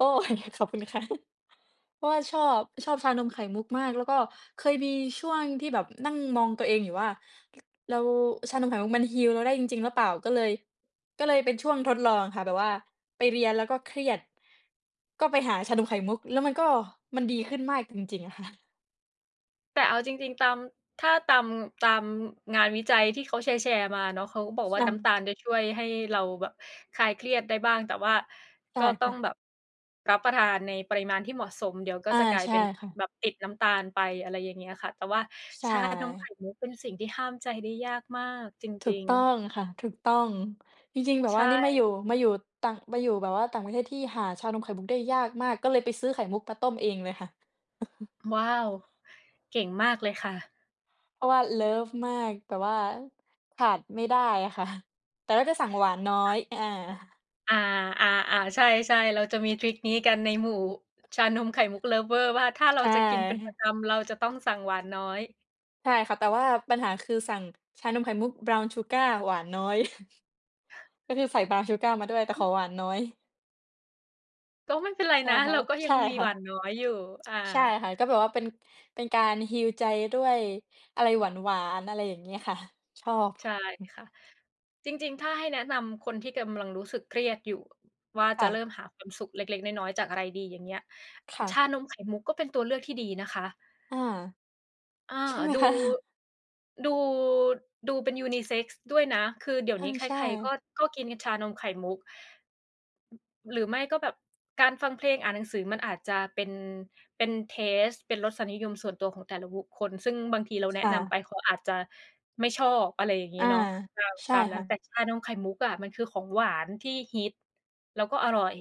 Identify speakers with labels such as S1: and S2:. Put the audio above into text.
S1: โอ้ ขอบคุณค่ะ เพราะว่าชอบ ชอบชานมไข่มุกมาก แล้วก็เคยมีช่วงที่แบบนั่งมองตัวเองอยู่ว่า ร เรา ชานมไข่มุกมัน heal เราได้จริง ๆ หรือเปล่า? ก็เลย ก็เลยเป็นช่วงทดลองอะค่ะ แบบว่าไปเรียนแล้วก็เครียด ก็ไปหาชานมไข่มุก แล้วมันก็ มันดีขึ้นมากจริง ๆ ค่ะ
S2: แต่เอาจริง ๆ ตาม ถ้าตาม ตามงานวิจัยที่เขาแชร์ ๆ มาเนาะ เขาก็บอกว่า
S1: ค่
S2: น้ำ
S1: ะ
S2: ตาลจะช่วยให้เราแบบคลายเครียดได้บ้าง แต่ว่า
S1: ใช
S2: ก
S1: ่
S2: ็ต
S1: ค
S2: ้อ
S1: ่
S2: ง
S1: ะ
S2: แบบรับประทานในปริมาณที่เหมาะสม เดี๋ยวก็
S1: อา
S2: จะกลาย
S1: ใช
S2: เ
S1: ่
S2: ป็น
S1: ค่ะ
S2: แบบติดน้ำตาลไป อะไรอย่างเงี้ยค่ะ แต่ว่า
S1: ใช
S2: ชานมไข
S1: ่
S2: ่มุกเป็นสิ่งที่ห้ามใจได้ยากมากจ
S1: ถู
S2: ริ
S1: ก
S2: ง
S1: ต้อ
S2: ๆ
S1: งค่ะ ถูกต้อง จริง ๆ แบบ
S2: ใช
S1: ว่านี่มาอยู่
S2: ่
S1: มาอยู่ต่าง มาอยู่แบบว่าต่างประเทศที่หาชานมไข่มุกได้ยากมาก ก็เลยไปซื้อไข่มุกมาต้มเองเลยค่ะ
S2: ว้าว! เก่งมากเลยค่ะ
S1: เพราะว่าเลิฟมาก แบบว่าขาดไม่ได้อะค่ะ แต่เราจะสั่งหวานน้อ
S2: ค่
S1: ย
S2: ะ
S1: อา
S2: อา ๆ ๆ ใช่ ๆ เราจะมีทริกนี้กันในหมู่ชานมไข่มุก lover ว่าถ้าเร
S1: ใช
S2: า
S1: ่
S2: จะกินเป็น
S1: ค่
S2: ประ
S1: ะ
S2: จำ เราจะต้องสั่งหวานน้อย
S1: ใช่ค่ะ แต่ว่าปัญหาคือสั่งชานมไข่มุก Brown Sugar หวานน้อย ก็คือใส่ Brown Sugar มาด้วย แต่ขอหวานน้อย
S2: ก็ไม่เป็นไร
S1: ใช่
S2: นะ
S1: ค่
S2: เ
S1: ะ
S2: ราก็
S1: ใ
S2: ย
S1: ช
S2: ัง
S1: ่
S2: มี
S1: ค่
S2: หวา
S1: ะ
S2: นน้อยอยู่ อ
S1: ใช่
S2: า
S1: ค่ะ ก็แบบว่าเป็น เป็นการ heal ใจด้วยอะไรหวาน ๆ อะไรอย่างเงี้ยค่ะ ชอบ
S2: ใช่ค่ะ จริง ๆ ถ้าให้แนะนำคนที่กำลังรู้สึกเครียดอยู่ว่า
S1: ค
S2: จ
S1: ่
S2: ะเริ
S1: ะ
S2: ่มหาความสุขเล็ก ๆ น้อย ๆ จากอะไรดี อย่างเงี้ย
S1: ค่
S2: ช
S1: ะ
S2: านมไข่มุกก็เป็นตัวเลือกที่ดีนะคะ
S1: อา
S2: อา
S1: ใช่ไหม
S2: ดู
S1: คะ?
S2: ดู ดูเป็น ยูนิเซ็กซ์ ด้วยนะ คือเดี๋ยว
S1: อา
S2: นี้ใค
S1: ใช
S2: ร ๆ ก
S1: ่
S2: ็ ก็กินกันชานมไข่มุก หรือไม่ก็แบบการฟังเพลงอ่านหนังสือมันอาจจะเป็น เป็น เทสต์ เป็นรสนิยมส่วนตัวของแต่ละบุคคล ซึ่งบางทีเราแนะ
S1: ค่
S2: นำไ
S1: ะ
S2: ปเขาอาจจะไม่ชอบ อะไรอย่างงี
S1: อ
S2: ้
S1: า
S2: เนาะ ตาม
S1: ใช
S2: ต
S1: ่
S2: ามน
S1: ค
S2: ั้
S1: ่
S2: น แต่
S1: ะ
S2: ชานมไข่มุกอะมันคือของหวานที่ฮิตแล้วก็อร่อย